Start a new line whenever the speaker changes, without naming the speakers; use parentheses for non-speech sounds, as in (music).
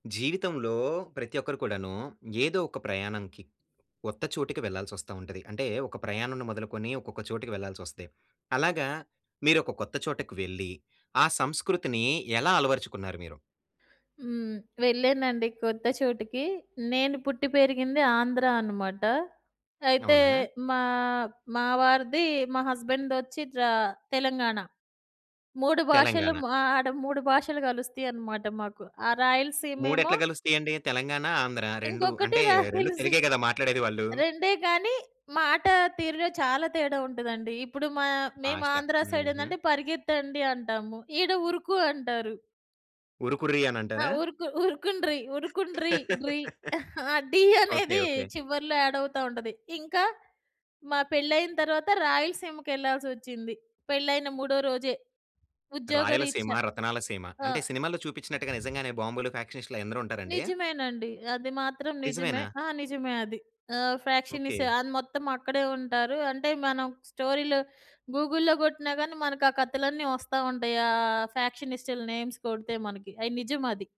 జీవితంలో ప్రతి ఒక్కరు కూడాను ఏదో ఒక ప్రయాణంకి కొత్త చోటకి వెళ్ళాల్సొస్తా ఉంటది. అంటే ఒక ప్రయాణముని మొదలుకొని ఒక్కొక్క చోటుకి వెళ్ళాల్సొస్తే. అలాగా మీరు ఒక కొత్త చోటకి వెళ్లి ఆ సంస్కృతిని ఎలా అలవరుచుకున్నారు మీరు?
హ్మ్. వెళ్ళానండి కొత్త చోటికి. నేను పుట్టి పెరిగింది ఆంధ్రా అనమాట. అయితే
అవునా?
మా ఆహ్, మా వారిది మా హస్బెండ్‌ దొచ్చి త్రా తెలంగాణ. 3 భాషలు‌
తెలంగాణ.
హ్మ్, ఆడ 3 భాషలు గలుస్తయనమాట మాకు. ఆ రాయలసీమేమో
మూడెట్ల కలుస్తయండి? తెలంగాణ, ఆంధ్ర 2
ఇంకొకటి
అంటే 2
రాయలసీ
తెలుగే కదా? మాట్లాడేది వాళ్ళు.
రెండే గానీ మాట తీరులో చాలా తేడా వుంటదండి. ఇప్పుడు మా
ఫాస్ట్‌గా,
మేమాంధ్ర
హుహు.
సైడేందంటే పరిగెత్తండి అంటాము. ఈడ ఉరుకు అంటారు.
ఉరుకురీ
ఆ!
అనంటారా?
ఉరుకు, ఉరుకుండ్రి ఉరుకుండ్రి డ్రీ,
(laughs)
(chuckles) డీ
ఓకే.
అనేది
ఓకే.
చివరిలో యాడవుతా ఉంటది. ఇంకా మా పెళ్లయిన తర్వాత రాయలసీమకెళ్ళాల్సొచ్చింది. పెళ్లయిన మూడో రోజే ఉద్యోగ
రాయలసీమ,
రీత్యా.
రతనాల సీమ
ఆ!
అంటే సినిమాల్లో చూపిచ్చినట్టుగా నిజంగానే బాంబులు, ఫ్యాక్షనిస్టు‌లు అయందరుంటారండి?
నిజమేనండి. అది మాత్రం నిజమే.
నిజమేనా?
ఆ! నిజమే అది. ఆహ్,
ఓకే.
ఫ్యాక్షనిసు అది మొత్తమక్కడే ఉంటారు. అంటే మనం స్టోరీలు గూగుల్‌లో గొట్టినా గానీ మనకా కతలన్నీ వస్తా ఉంటాయి. ఆహ్, ఫ్యాక్షనిస్టుల నేమ్స్ కొడితే మనకి అయి నిజమది.